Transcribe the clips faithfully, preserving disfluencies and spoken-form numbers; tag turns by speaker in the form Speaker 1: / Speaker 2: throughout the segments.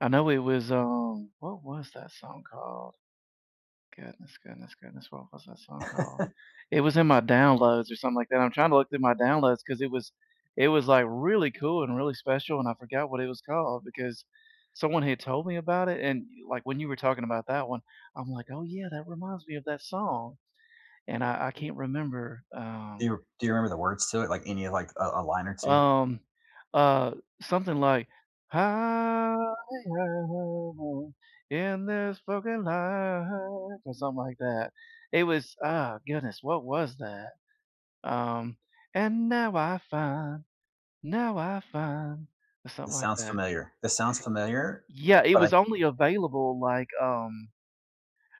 Speaker 1: I know it was, um What was that song called? Goodness, goodness, goodness. What was that song called? It was in my downloads or something like that. I'm trying to look through my downloads, 'cause it was it was, like, really cool and really special, and I forgot what it was called, because someone had told me about it, and, y like, when you were talking about that one, I'm like, "Oh, yeah. That reminds me of that song." And I I can't remember,
Speaker 2: Do
Speaker 1: um
Speaker 2: you do you remember the words to it? Like, any, like, a a line or two?
Speaker 1: Um, uh, something like, Higher in this fucking life, or something like that. It was uh, goodness. What was that? Um, And now I find, now I find, or something
Speaker 2: This
Speaker 1: like
Speaker 2: sounds
Speaker 1: that.
Speaker 2: familiar. This sounds familiar,
Speaker 1: Yeah. It
Speaker 2: but I
Speaker 1: was only available, like, um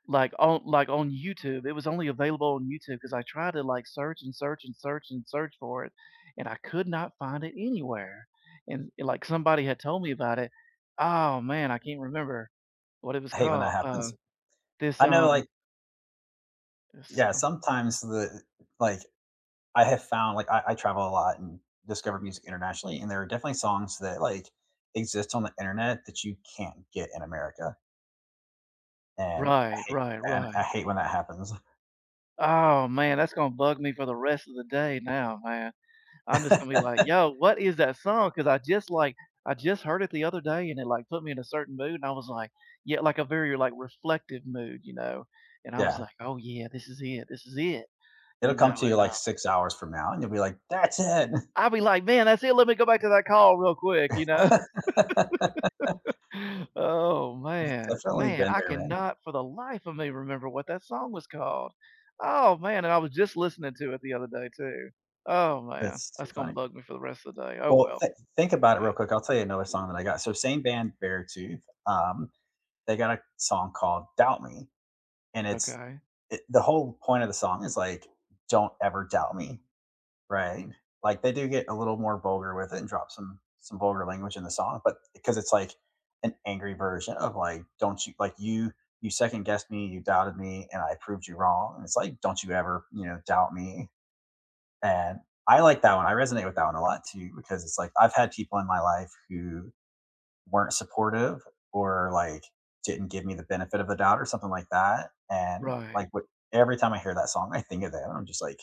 Speaker 1: like, on, like, on YouTube. It was only available on YouTube, 'cause I tried to, like, search, and search, and search, and search for it, and I could not find it anywhere. And and, like, somebody had told me about it. Oh, man. I can't remember what it was
Speaker 2: I hate when
Speaker 1: called.
Speaker 2: that
Speaker 1: Uh,
Speaker 2: happens.
Speaker 1: this,
Speaker 2: I know,
Speaker 1: um
Speaker 2: like
Speaker 1: This
Speaker 2: Yeah,
Speaker 1: something [unintelligible]
Speaker 2: sometimes the like, I have found like, I I travel a lot and discover music internationally, and there are definitely songs that like exist on the internet that you can't get in America. And I
Speaker 1: Right,
Speaker 2: hate
Speaker 1: right,
Speaker 2: and I
Speaker 1: right.
Speaker 2: hate when that happens.
Speaker 1: Oh, man. That's gonna bug me for the rest of the day now, man. I'm just gonna be like, "Yo. What is that song?" 'Cause I just, like, I just heard it the other day, and it, like, put me in a certain mood and I was like Yeah, like a very, like, reflective mood, you know, and I was
Speaker 2: Yeah.
Speaker 1: like, "Oh, yeah. This is it. This is it!"
Speaker 2: It'll
Speaker 1: you
Speaker 2: come
Speaker 1: know,
Speaker 2: to you,
Speaker 1: and, uh
Speaker 2: like, six hours from now and you'll be like, "That's it!"
Speaker 1: I'll be like, "Man, that's it. Let me go back to that call, real quick," you know? Oh,
Speaker 2: I've
Speaker 1: man.
Speaker 2: definitely
Speaker 1: Man,
Speaker 2: been
Speaker 1: I
Speaker 2: there, man.
Speaker 1: cannot for the life of me remember what that song was called. Oh, man. And I was just listening to it the other day too. Oh, man.
Speaker 2: That's too
Speaker 1: That's gonna
Speaker 2: funny.
Speaker 1: bug me for the rest of the day. Oh,
Speaker 2: Well,
Speaker 1: well.
Speaker 2: thi think about it real
Speaker 1: Yeah.
Speaker 2: quick. I'll tell you another song that I got. So same band, Beartooth, um, they got a song called Doubt Me. And it's
Speaker 1: Okay.
Speaker 2: i the whole point of the song is like, "Don't ever doubt me," right? Like they do get a little more vulgar with it and drop some some vulgar language in the song. But 'cause it's like an angry version of like, "Don't you like you you second guessed me, you doubted me, and I proved you wrong." And it's like, "Don't you ever," you know, "doubt me." And, I like that one. I resonate with that one a lot too, because it's like, I've had people in my life who weren't supportive, or like, didn't give me the benefit of a doubt or something like that. And,
Speaker 1: Right.
Speaker 2: like but every time I hear that song, I think of them, I'm just like,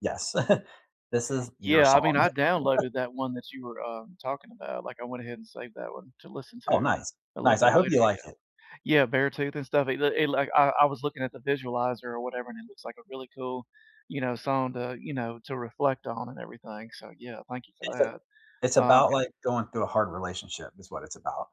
Speaker 2: "Yes. This is your
Speaker 1: Yeah. I
Speaker 2: song."
Speaker 1: mean, I downloaded that one that you were, um, talking about. Like, I went ahead and saved that one to listen
Speaker 2: Oh,
Speaker 1: to
Speaker 2: nice.
Speaker 1: a little
Speaker 2: Nice.
Speaker 1: bit
Speaker 2: I hope
Speaker 1: later.
Speaker 2: you like
Speaker 1: Yeah.
Speaker 2: it.
Speaker 1: Yeah, Beartooth and stuff, it l it, like, I I was looking at the visualizer or whatever, and it looks like a really cool, you know, song to, you know, to reflect on and everything. So, yeah, thank you for
Speaker 2: It's a
Speaker 1: that.
Speaker 2: it's
Speaker 1: Um,
Speaker 2: about,
Speaker 1: g
Speaker 2: like, going through a hard relationship, is what it's about.